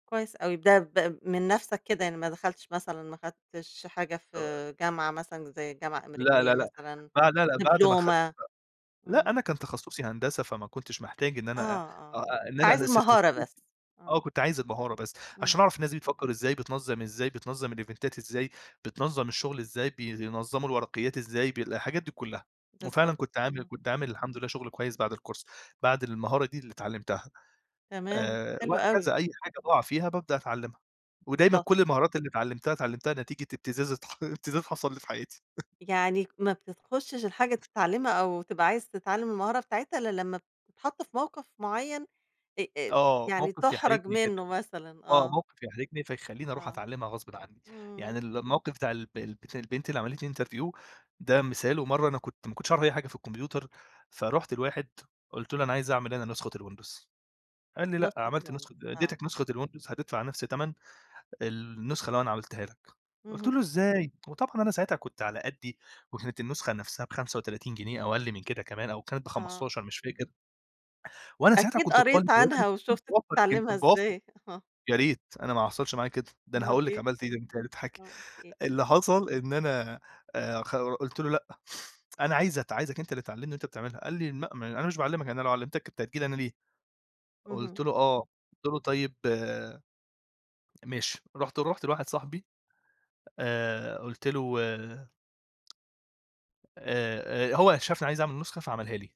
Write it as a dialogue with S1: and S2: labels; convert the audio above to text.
S1: كويس أوي، ده ب من نفْسك كده يعني ما دخلتش مثلًا ما خدتش حاجة في
S2: آه.
S1: جامعة مثلًا زي جامعة
S2: لأ،
S1: أمريكية
S2: لأ، لأ،
S1: مثلًا،
S2: آه لأ، لأ، بعد ما اخدت
S1: دبلومة؟
S2: ب لأ،
S1: إمم.
S2: أنا كان تخصصي هندسة فما كنتش محتاج إن
S1: آه،
S2: أنا أ أ
S1: آه،
S2: أ إن
S1: أنت
S2: أنا
S1: عايز
S2: [unintelligible]
S1: المهارة بس،
S2: آه،
S1: آه.
S2: كنت عايز المهارة بس عشان
S1: إمم.
S2: اعرف الناس دي بتفكّر إزاي، بتنظّم إزاي، بتنظّم الإيفنتات إزاي، بتنظّم الشغل إزاي بينظموا الورقيات إزاي ب الحاجات دي كلّها، وفعلًا
S1: بالضبط،
S2: كنت عامل
S1: امم.
S2: كنت عامل الحمد لله شغل كويس بعد الكورس بعد المهارة دي اللي اتعلمتها
S1: تمام،
S2: آآ،
S1: حلو أوي.
S2: وهكذا أي حاجة باُقع فيها بابدأ اتعلمها، ودايمًا
S1: بالضبط.
S2: كل المهارات اللي اتعلمتها، اتعلمتها نتيجة ابتزاز اتح ابتزاز حصل لي في حياتي.
S1: يعني ك ما بتتخشش الحاجة تتعلمها أو تبقى عايز تتعلم المهارة بتاعتها، الّا لمّا ب تتحط في موقف معيّن آآ، آآ،
S2: آه،
S1: يعني
S2: موقف
S1: تُحرج
S2: يحرجني جدًا،
S1: منُّه مثلًا،
S2: آه،
S1: آه.
S2: موقف يحرجني فيخلّيني اروح
S1: آه.
S2: اتعلمها غصبٍ عنّي، يعني
S1: إمم.
S2: ال الموقف بتاع الب البت البنت اللي عملت لي interview ده مثال ومرّة أنا كنت ما كنتش اعرف أي حاجة في الكمبيوتر فرُحت لواحد قُلت له: "أنا عايز اعمل أنا نسخة الWindows" قال لي: "لأ
S1: نسخة
S2: عملت
S1: الWindows
S2: نسخة آآ،
S1: آه.
S2: اديتك نسخة الWindows هتدفع نفس تَمن النسخة اللي أنا عملتها لك" قُلت
S1: اهم.
S2: له: "إزاي!" وطبعًا أنا ساعتها كنت على قدّي وكانت النسخة نفسها ب35 جنيه أو أقل من كده كمان أو كانت
S1: آه.
S2: ب15 مش فاكر. وأنا ساعتها
S1: أكيد
S2: كنت طالب
S1: قريت
S2: وارد
S1: عنها
S2: اكون
S1: وشُفت
S2: باوفّر [unintelligible]
S1: تتعلمها
S2: باوفّر
S1: إزاي. آه.
S2: يا ريت أنا ما حصلش معايا كده، ده أنا
S1: أومال
S2: هاقول لِك
S1: إيه؟
S2: عملت إيه ده أنتِ هتضحكي،
S1: وأنا قُلت إيه؟
S2: اللي حصل إن أنا آآ، خ قُلت له: "لأ، أنا عايز ات عايزك أنت اللي تعلمني وأنت بتعملها،" قال لي: "لأ ما أنا مش باعلمك أنا لو علّمتك كنت هتيجي لي أنا ليه؟" قُلت
S1: اهم.
S2: له: آه،" قُلت له: "طيب ماشي،" رُحت رُحت لواحد صاحبي آآ، قُلت له آآ، آآ، هو ي شافني عايز اعمل نسخة فعملها لي.